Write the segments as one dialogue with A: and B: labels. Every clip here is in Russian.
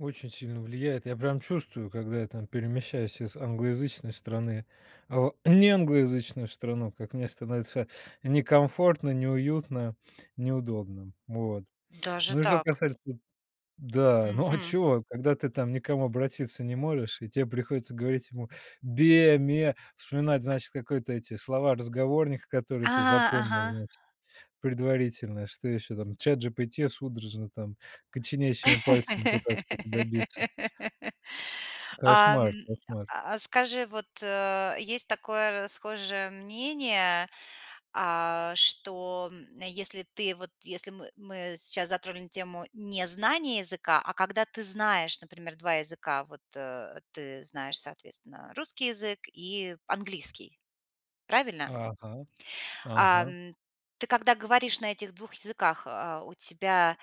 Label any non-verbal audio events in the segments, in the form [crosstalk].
A: Очень сильно влияет. Я прям чувствую, когда я там перемещаюсь из англоязычной страны в неанглоязычную страну, как мне становится некомфортно, неуютно, неудобно. Вот.
B: Даже
A: Ну и что
B: так.
A: касается да, ну а
B: Мгм.
A: чё, когда ты там ни к кому обратиться не можешь, и тебе приходится говорить ему бе ме, вспоминать, значит, какой-то эти слова разговорника,
B: А,
A: которые ты запомнил,
B: ага.
A: значит, предварительно, что ещё там ChatGPT судорожно там коченящими пальцами пытаться что-то добиться.
B: [laughs] Ам.
A: Кошмар кошмар.
B: А скажи, вот, э, есть такое расхожее мнение, а, что, м, если ты, вот, если мы мы сейчас затронули тему незнания языка, а когда ты знаешь, например, 2 языка, вот, э, ты знаешь, соответственно, русский язык и английский, правильно?
A: Ага, ага.
B: Ам, ты, когда говоришь на этих 2 языках, а, у тебя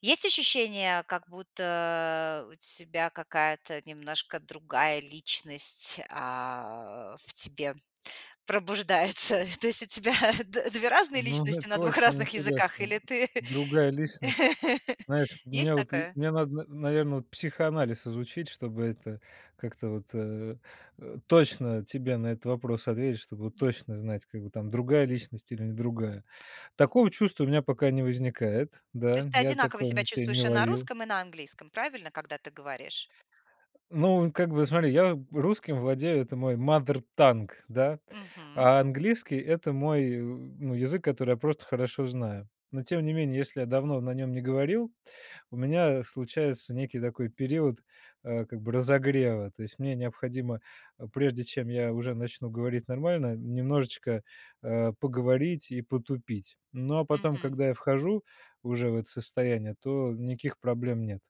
B: есть ощущение, как будто у тебя какая-то немножко другая личность, а, в тебе пробуждается? То есть у тебя д две разные
A: Ну,
B: личности на
A: это
B: 2
A: очень
B: разных языках,
A: интересно.
B: или ты
A: Другая личность.
B: [laughs]
A: Знаете,
B: Есть
A: мне, вот и,
B: такое?
A: мне надо, на наверное, психоанализ изучить, чтобы это как-то вот, э, э, точно тебе на этот вопрос ответить, чтобы
B: М.
A: точно знать, как бы там другая личность или не другая. Такого чувства у меня пока не возникает.
B: То есть
A: Да,
B: ты
A: я
B: одинаково
A: такого
B: себя
A: на себе не
B: чувствуешь и на
A: ловил.
B: русском, и на английском, правильно, когда ты говоришь?
A: Ну, как бы, смотри, я русским владею, это мой mother tongue, да,
B: Мгм.
A: а английский- это мой, э, ну, язык, который я просто хорошо знаю. Но тем не менее, если я давно на нём не говорил, у меня случается некий такой период, а, как бы разогрева. То есть мне необходимо, прежде чем я уже начну говорить нормально, немножечко, а, поговорить и потупить. Но, а потом,
B: Мгм.
A: когда я вхожу уже в это состояние, то никаких проблем нет.